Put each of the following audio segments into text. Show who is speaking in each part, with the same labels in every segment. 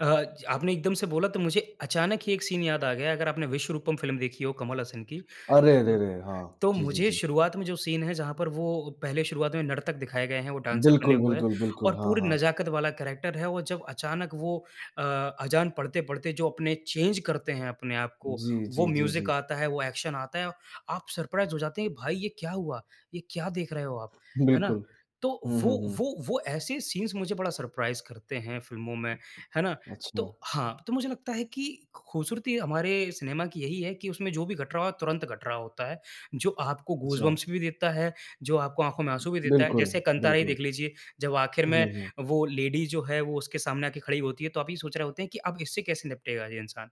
Speaker 1: अ, च आपने एकदम से बोला तो मुझे अचानक ही एक सीन याद आ गया, अगर आपने "विश्वरूपम" फ़िल्म देखी हो कमल हसन की
Speaker 2: अरे, अरे,
Speaker 1: तो
Speaker 2: अरे! हाँ।
Speaker 1: तो
Speaker 2: जी, जी,
Speaker 1: मुझे
Speaker 2: जी।
Speaker 1: शुरुआत में जो सीन है जहाँ पर वो पहले शुरुआत में नर्तक दिखाए गए हैं, वो डान्सर बने
Speaker 2: बिल्कुल,
Speaker 1: हुए हैं
Speaker 2: बिल्कुल, बिल्कुल।
Speaker 1: और
Speaker 2: हाँ,
Speaker 1: पूरी
Speaker 2: हाँ।
Speaker 1: नजाकत वाला कैरेक्टर है। वो जब अचानक वो अ, अजान पढ़ते-पढ़ते जो अपने चेंज करते हैं अपने आप को,
Speaker 2: जी,
Speaker 1: वो
Speaker 2: जी, जी,
Speaker 1: म्यूजिक
Speaker 2: जी।
Speaker 1: आता है, वो एक्शन आता है, आप सरप्राइज़ हो जाते हैं भाई ये क्या हुआ? ये क्या देख रहे हो आप, है ना?
Speaker 2: बिल्कुल।
Speaker 1: तो
Speaker 2: हुँ,
Speaker 1: वो
Speaker 2: हुँ, हुँ।
Speaker 1: वो वो ऐसे सीन्स मुझे बड़ा सरप्राइज़ करते हैं फ़िल्मों में, है ना? तो
Speaker 2: अच्छा।
Speaker 1: हाँ, तो मुझे लगता है कि खूबसूरती हमारे सिनेमा की यही है कि उसमें जो भी घट रहा हो तुरंत घट रहा होता है। जो आपको
Speaker 2: अच्छा।
Speaker 1: गूजबम्पस भी देता है, जो आपको आँखों में आँसू भी देता है।
Speaker 2: बिल्कुल।
Speaker 1: जैसे कंटारा ही
Speaker 2: बिल्कुल।
Speaker 1: देख लीजिए जब आखिर में
Speaker 2: हुँ, हुँ।
Speaker 1: वो लेडी जो है वो उसके सामने आके खड़ी होती है तो आप यही सोच रहे होते हैं कि अब इससे कैसे निपटेगा ये इंसान।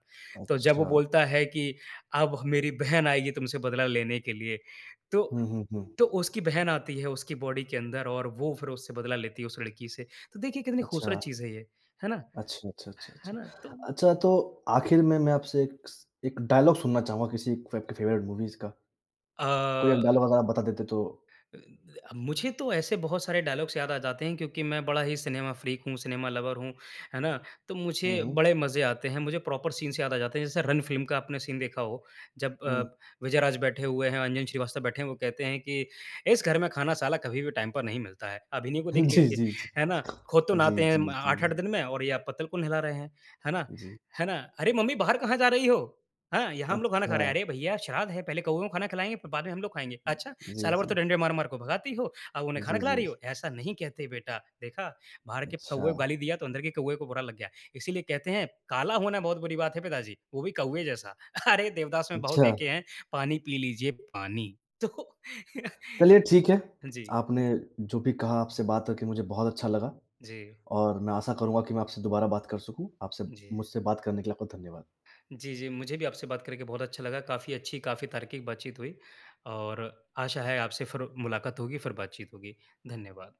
Speaker 1: तो जब वो
Speaker 2: अच्छा।
Speaker 1: बोलता है कि "अब मेरी बहन आएगी तुमसे बदला लेने के लिए" तो
Speaker 2: हुँ, हुँ, हुँ।
Speaker 1: तो उसकी बहन आती है उसकी बॉडी के अंदर और वो फिर उससे बदला लेती है उस लड़की से। तो देखिए कितनी खूबसूरत
Speaker 2: अच्छा।
Speaker 1: चीज है ये, है ना?
Speaker 2: अच्छा, अच्छा, अच्छा,
Speaker 1: है
Speaker 2: अच्छा।
Speaker 1: ना? तो
Speaker 2: अच्छा, तो
Speaker 1: जी।
Speaker 2: आखिर में, मैं आपसे एक स एक डायलॉग सुनना चाहूँगा किसी फ़े फ़ेवरेट मूवीज़ का। कोई एक
Speaker 1: अ
Speaker 2: डायलॉग अगर आप बता देते तो
Speaker 1: [unintelligible] मुझे तो ऐसे बहुत सारे डायलॉग्स याद आ जाते हैं क्योंकि मैं बड़ा ही सिनेमा फ्रीक हूँ, सिनेमा लवर हूँ, है ना? तो
Speaker 2: हुँ,
Speaker 1: मुझे
Speaker 2: हुँ।
Speaker 1: बड़े मजे आते हैं, मुझे प्रॉपर सीन्स से याद आ जाते हैं। जैसे रन फिल्म का आपने सीन देखा हो जब अ,
Speaker 2: हुँ।
Speaker 1: विजय राज बैठे हुए हैं, अंजन श्रीवास्तव बैठे हैं वो कहते हैं कि इस घर में खाना साला कभी भी टाइम पर नहीं मिलता है अभिनव को देख
Speaker 2: जी,
Speaker 1: लीजिए,"
Speaker 2: जी, जी।
Speaker 1: है ना? "खुद तो
Speaker 2: जी,
Speaker 1: नहाते हैं
Speaker 2: जी,
Speaker 1: अम,
Speaker 2: जी,
Speaker 1: 8-8
Speaker 2: जी।
Speaker 1: दिन में और ये आप पत्तल को नहला रहे हैं," है ना
Speaker 2: उ, जी।
Speaker 1: है ना? "अरे! मम्मी बाहर कहाँ जा रही हो? हाँ, यहाँ हम लोग खाना खा रहे हैं।
Speaker 2: अच्छा।
Speaker 1: अरे भइया! श्राद्ध है पहले कउओं को खाना खिलाएँगे फिर बाद में हम लोग खाएँगे। अच्छा!
Speaker 2: जी,
Speaker 1: साल भर तो
Speaker 2: जी।
Speaker 1: डंडे मार-मार कर भगाती हो अब
Speaker 2: जी,
Speaker 1: उन्हें खाना खिला
Speaker 2: जी, जी।
Speaker 1: रही हो। ऐसा नहीं कहते बेटा देखा बाहर के कउए
Speaker 2: अच्छा।
Speaker 1: गाली दिया तो अंदर के कउए को बुरा लग गया। इसीलिए कहते हैं काला होना बहुत बुरी बात है पिताजी वो भी कौवा जैसा। अरे! देवदास में बहुत
Speaker 2: अच्छा।
Speaker 1: देखे हैं पानी पी लीजिए पानी।" तो
Speaker 2: चलिए ठीक है।
Speaker 1: हाँ, जी।
Speaker 2: आपने जो भी कहा, आपसे बात करके मुझे बहुत अच्छा लगा
Speaker 1: जी।
Speaker 2: और मैं आशा करूँगा कि मैं आपसे दोबारा बात कर सकूँ। आपसे
Speaker 1: जी।
Speaker 2: मुझसे बात करने के लिए आपका धन्यवाद।
Speaker 1: जी, जी। मुझे भी आपसे बात करके बहुत अच्छा लगा। काफ़ी अच्छी, काफ़ी तार्किक बातचीत हुई और आशा है आपसे फिर मुलाकात होगी, फिर बात-चीत होगी। धन्यवाद।